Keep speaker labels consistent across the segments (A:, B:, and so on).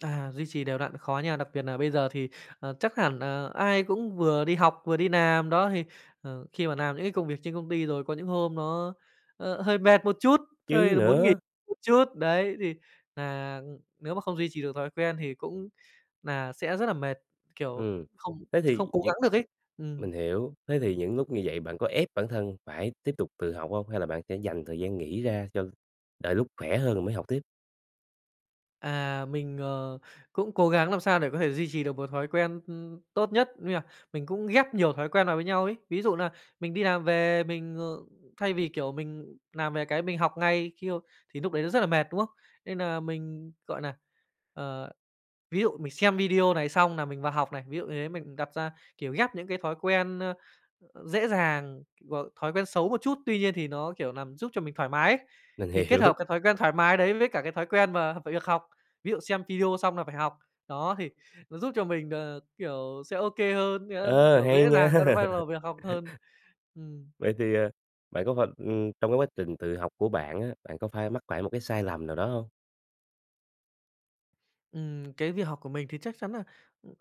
A: À, duy trì đều đặn khó nha, đặc biệt nà bây giờ thì, à, chắc hẳn nà ai cũng vừa đi học vừa đi làm, đó, thì, ờ, khi mà làm những cái công việc trên công ty rồi, có những hôm nó, ơ, hơi mệt một chút,
B: Chứ
A: hơi là muốn nghỉ
B: nữa.
A: một chút. Đấy, thì nà, ừm, nếu mà không duy trì được thói quen thì cũng nà sẽ rất là mệt, kiểu,
B: Ừm.
A: không
B: Thế
A: không
B: thì
A: cố
B: những
A: gắng được ấy. Ừm.
B: mình hiểu, thế thì những lúc như vậy bạn có ép bản thân phải tiếp tục tự học hông, hay là bạn sẽ dành thời gian nghỉ ra cho đợi lúc khỏe hơn rồi mới học tiếp?
A: À, mình, ờ, cũng cố gắng làm sao để có thể duy trì được một thói quen, ưm, tốt nhất, nghĩa là mình cũng ghép nhiều thói quen vào với nhau ấy. Ví dụ nà mình đi làm về mình, ờ, thay vì, kiểu, mình làm về cái mình học ngay khi, ơ thì lúc đấy nó rất là mệt, đúng không? Nên nà mình, gọi nà, ờ, ví dụ mình xem video này xong nà mình vào học này, ví dụ như thế, mình đặt ra, kiểu, ghép những cái thói quen, a, à, dễ dàng, rồi thói quen xấu một chút tuy nhiên thì nó, kiểu, làm giúp cho mình thoải mái ấy.
B: Mình
A: Thì kết
B: hiểu.
A: hợp cái thói quen thoải mái đấy với cả cái thói quen mà về việc học, ví dụ xem video xong là phải học, đó, thì nó giúp cho mình, ờ, kiểu, sẽ OK hơn, sẽ,
B: Ờ,
A: kiểu,
B: hay
A: dễ
B: nha!
A: dàng bắt đầu bắt đầu việc học hơn. Ừm.
B: Vậy thì, à, bạn có phai ừm, trong cái quá trình tự học của bạn á, bạn có phai mắc phải một cái sai lầm nào đó hông?
A: Ừm, cái việc học của mình thì chắc chắn nà, ừm,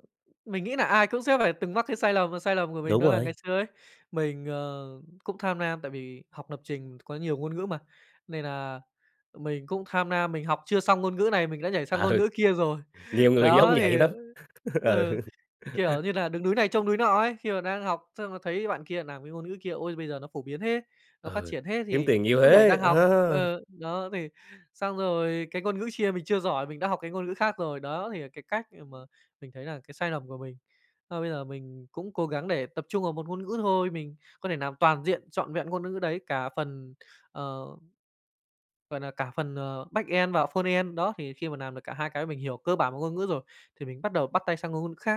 A: mình nghĩ nà ai cũng sẽ phải từng mắc cái sai lầm. Và sai lầm của mình
B: Đúng
A: đó là ngày
B: rồi.
A: xưa ấy, mình, ờ, cũng tham nam, tại vì học lập trình có nhiều ngôn ngữ mà, nên nà mình cũng tham nam, mình học chưa xong ngôn ngữ này mình đã nhảy sang ngôn
B: Ừ,
A: ngữ kia rồi.
B: Nhiều người giống
A: Đó,
B: vậy
A: thì, ơ
B: lắm.
A: ừ,
B: Ừ.
A: kiểu như là, đứng núi này trông núi nọ ấy, khi mà đang học xong là thấy bạn kia làm cái ngôn ngữ kia: "Ôi, bây giờ nó phổ biến thế, nó phát
B: Ừ.
A: triển thế!",
B: Kiếm
A: thì
B: tiền nhiều
A: cũng nhảy
B: thế!
A: sang học.
B: À!
A: Ờ, đó thì xong rồi cái ngôn ngữ chia mình chưa giỏi mình đã học cái ngôn ngữ khác rồi, đó, thì là cái cách để mà mình thấy là cái sai lầm của mình. Mà bây giờ mình cũng cố gắng để tập trung vào một ngôn ngữ thôi, mình có thể làm toàn diện, trọn vẹn ngôn ngữ ngữ đấy cả phần, ờ, gọi là, cả phần, ờ, backend và frontend. Đó, thì khi mà làm được cả hai cái, mình hiểu cơ bản một ngôn ngữ rồi thì mình bắt đầu bắt tay sang ng ngôn ngữ khác.